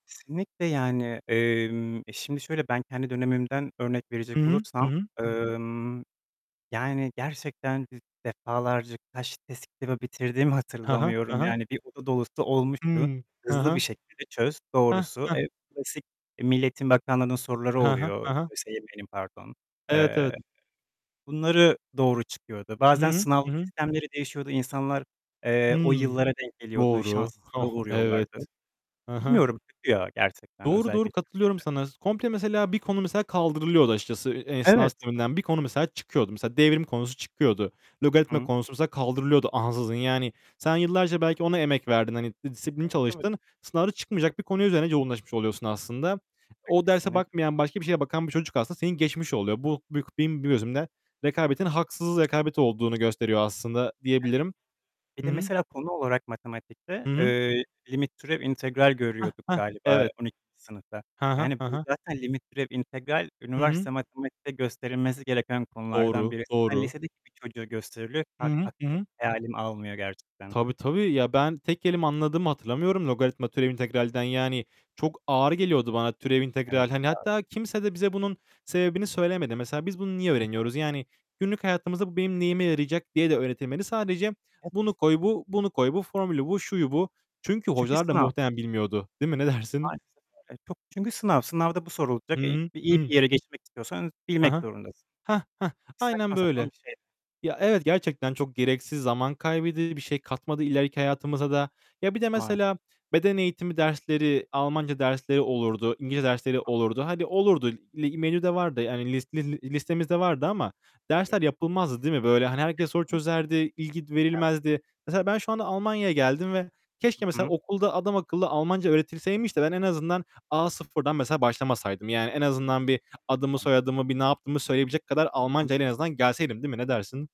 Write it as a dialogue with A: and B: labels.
A: Kesinlikle yani. Emm, e, şimdi şöyle, ben kendi dönemimden örnek verecek
B: Hı hı. Hı
A: olursam,
B: hı.
A: emm, yani, gerçekten di defalarca kaç test kitabı bitirdiğimi
B: He he, he
A: hatırlamıyorum.
B: he.
A: Yani bir oda dolusu olmuştu.
B: Hıı, he
A: Hızlı bir
B: he.
A: şekilde çöz
B: Heh,
A: doğrusu.
B: heh!
A: E, klasik, eee, Milli Eğitim Bakanlığı'nın soruları
B: He he,
A: oluyor.
B: he he.
A: ÖSYM'nin pardon.
B: Evet,
A: Eee,
B: evet.
A: bunları doğru çıkıyordu.
B: Hı
A: Bazen
B: hı.
A: sınav
B: Hı hı.
A: sistemleri değişiyordu. İnsanlar, eee, o
B: Hıı.
A: yıllara denk geliyordu.
B: Doğru.
A: Şanssızlığa
B: Oh, evet.
A: uğruyorlardı.
B: Hı hı.
A: Bilmiyorum, kötü ya gerçekten,
B: Doğru, doğru.
A: özellikle Türkiye'de.
B: Katılıyorum sana s Komple mesela bir konu mesela kaldırılıyordu açıkçası e eee, sınav
A: Evet.
B: sisteminden. Bir konu mesela çıkıyordu. Mesela devrim konusu çıkıyordu.
A: Hı
B: Logaritma
A: hı.
B: konusu mesela kaldırılıyordu ansızın. Yani sen yıllarca belki ona emek verdin. Hani, disiplinli
A: Evet, evet.
B: çalıştın. Sınavda çıkmayacak bir konu üzerine yoğunlaşmış oluyorsun aslında. O derse
A: Kesinlikle.
B: bakmayan,
A: Olmaz
B: başka bir
A: mı?
B: şeye bakan bir çocuk aslında seni geçmiş oluyor. Bu buyük bim benim
A: Evet.
B: gözümde rekabetin haksız rekabet olduğunu gösteriyor aslında
A: E, tabii.
B: diyebilirim.
A: Bir
B: Hı
A: de
B: hı.
A: mesela konu olarak matematikte,
B: Hı hı.
A: eee, limit, türev, integral
B: Heh,
A: görüyorduk
B: heh!
A: galiba
B: Evet.
A: 12. sınıfta.
B: He he,
A: Yani
B: he
A: bu
B: he.
A: zaten limit, türev, integral
B: Hı hı.
A: üniversite matematikte gösterilmesi gereken konulardan
B: Doğru,
A: birisi. [unintelligible]
B: doğru.
A: lisedeki bir çocuğa gösteriliyor.
B: Hı
A: [unintelligible]
B: hı. Hı
A: aklım
B: hı.
A: hayalim almıyor gerçekten.
B: Tabii, tabii. Ya, ben tek kelime anladığımı hatırlamıyorum logaritma, türev, integralden. Yani çok ağır geliyordu bana türev,
A: Evet,
B: integral. Hani,
A: doğ
B: hatta kimse de bize bunun sebebini söylemedi. Mesela biz bunu niye
A: Hı hı.
B: öğreniyoruz? Yani günlük hayatımızda bu benim neyime yarayacak diye de öğretilmedi. Sadece,
A: [unintelligible]
B: "Bunu koy, bu. Bunu koy, bu. Formülü bu, şuyu bu." Çünkü
A: Çünkü
B: hocalar da
A: sınav.
B: muhtemelen bilmiyordu, değil mi? Ne dersin?
A: Maalesef öyle. Çok çünkü sınav. Sınavda bu sorulacak.
B: Hı
A: Eee,
B: hı.
A: iyi
B: Hı.
A: bir yere geçmek istiyorsanız
B: He
A: bilmek
B: he.
A: zorundasın.
B: Heh, heh! Aynen
A: Saçma sapan
B: böyle.
A: bir şey.
B: Ya, evet, gerçekten çok gereksiz zaman kaybedi Bir şey katmadı ileriki hayatımıza da. Ya, bir de
A: Var.
B: mesela beden eğitimi dersleri, Almanca dersleri olurdu. İngilizce dersleri
A: Hı hı.
B: olurdu. Hani, olurdu. Li menüde vardı. Hani, list li li listemizde vardı ama
A: [unintelligible]
B: dersler yapılmazdı, değil mi? Böyle, hani, herkes soru
A: [unintelligible]
B: çözerdi. İlgi
A: Evet.
B: verilmezdi. Mesela ben şu anda Almanya'ya geldim ve
A: Hı
B: keşke mesela
A: hı.
B: okulda adamakıllı Almanca öğretilseymiş de ben en azından A0'dan mesela başlamasaydım. Yani en azından bir adımı
A: [unintelligible]
B: soyadımı, bir ne yaptığımı söyleyebilecek kadar
A: Hı hı.
B: Almancayla en azından gelseydim, değil mi? Ne dersin?